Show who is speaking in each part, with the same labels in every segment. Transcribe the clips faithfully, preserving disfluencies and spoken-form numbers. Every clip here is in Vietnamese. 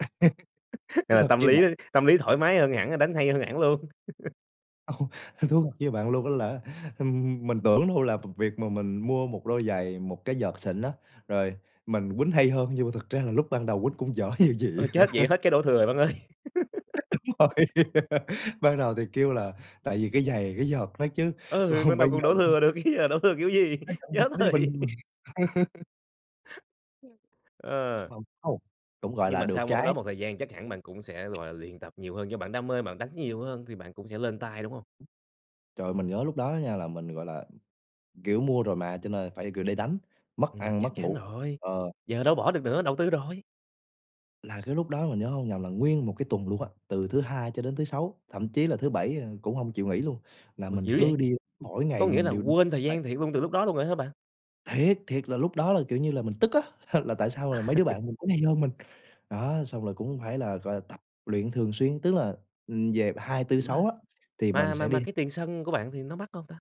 Speaker 1: Thú
Speaker 2: Là
Speaker 1: thật
Speaker 2: tâm
Speaker 1: với
Speaker 2: lý
Speaker 1: bạn
Speaker 2: tâm lý thoải mái hơn hẳn, đánh hay hơn hẳn luôn.
Speaker 1: Ồ, thú thật với bạn luôn á là, ừm, mình tưởng đâu là v việc mà mình mua một đôi giày, một cái vợt xịn á, rồi mình quýnh hay hơn, nhưng mà thực ra là lúc ban đầu quýnh cũng dở như gì.
Speaker 2: Ôi chết! Vậy hết cái đổ thừa bạn ơi.
Speaker 1: Đúng rồi, ban đầu thì kêu là tại vì cái giày cái vợt nó chứ,
Speaker 2: Ừ,
Speaker 1: còn
Speaker 2: ban
Speaker 1: bây
Speaker 2: đầu còn
Speaker 1: giờ
Speaker 2: đổ
Speaker 1: ừm.
Speaker 2: thừa được chứ ờ, đổ thừa kiểu gì,
Speaker 1: Nó vẫn
Speaker 2: chết
Speaker 1: dở như bình
Speaker 2: rồi.
Speaker 1: [unintelligible]
Speaker 2: Ờ.
Speaker 1: [unintelligible] cũng, gọi
Speaker 2: Nhưng
Speaker 1: là,
Speaker 2: mà
Speaker 1: được
Speaker 2: sau một cái đó,
Speaker 1: cái
Speaker 2: một thời gian chắc hẳn bạn cũng sẽ, gọi là, luyện tập nhiều hơn do bạn đam mê, bạn đánh nhiều hơn thì bạn cũng sẽ lên tay, đúng hông?
Speaker 1: Ừm. Trời ơi, mình nhớ lúc đó á nha là mình, gọi là, kiểu, mua rồi mà cho nên phải, kiểu, để đánh, mất
Speaker 2: Ừm,
Speaker 1: ăn
Speaker 2: chắc
Speaker 1: mất
Speaker 2: chắn
Speaker 1: ngủ.
Speaker 2: rồi,
Speaker 1: Ờ.
Speaker 2: giờ đâu bỏ được nữa, đầu tư rồi.
Speaker 1: Là cái lúc đó mình nhớ hông lầm là nguyên một cái tuần luôn á, từ thứ Hai cho đến thứ Sáu, thậm chí là thứ Bảy, à, cũng hông chịu nghỉ luôn. Là
Speaker 2: Ôi,
Speaker 1: mình
Speaker 2: dữ
Speaker 1: cứ
Speaker 2: vậy!
Speaker 1: đi, mỗi
Speaker 2: Có
Speaker 1: ngày
Speaker 2: nghĩa
Speaker 1: mình
Speaker 2: là
Speaker 1: đều
Speaker 2: quên thời
Speaker 1: tay.
Speaker 2: gian thiệt luôn từ lúc đó luôn rồi hả bạn?
Speaker 1: Thiệt, thiệt là lúc đó là, kiểu như là, mình tức á, là tại sao mấy đứa bạn mình cũng hay hơn mình. Đó, xong rồi cũng phải là, gọi là, tập luyện thường xuyên, tức là, ừm, về hai tư sáu,
Speaker 2: Mà
Speaker 1: á, thì mình
Speaker 2: mà mà
Speaker 1: sẽ
Speaker 2: mà
Speaker 1: đi.
Speaker 2: cái tiền sân của bạn thì nó mắc hông ta?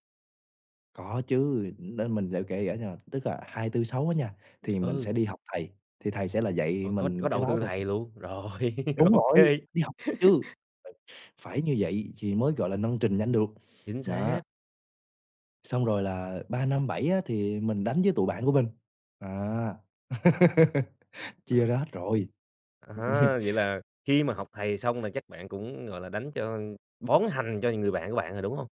Speaker 1: Có chứ. Ừm, nên mình để kể kể cho, tức là hai tư sáu, á nha, thì mình sẽ
Speaker 2: Ừ.
Speaker 1: đi học thầy, thì thầy sẽ là dạy
Speaker 2: Ôi, có
Speaker 1: mình
Speaker 2: có
Speaker 1: cái
Speaker 2: đầu
Speaker 1: đó
Speaker 2: tư
Speaker 1: thôi.
Speaker 2: thầy luôn, rồi
Speaker 1: Đúng
Speaker 2: OK.
Speaker 1: rồi, đi học chứ, ph phải như vậy thì mới, gọi là, nâng trình nhanh được,
Speaker 2: Chính
Speaker 1: đó.
Speaker 2: xác.
Speaker 1: Xong rồi là ba năm bảy, á, thì mình đánh với tụi bạn của mình, à,
Speaker 2: Ờ.
Speaker 1: chia ra hết rồi,
Speaker 2: À, vậy
Speaker 1: ừm.
Speaker 2: là khi mà học thầy xong là chắc bạn cũng, gọi là, đánh cho bón hành cho người bạn của bạn rồi, đúng hông?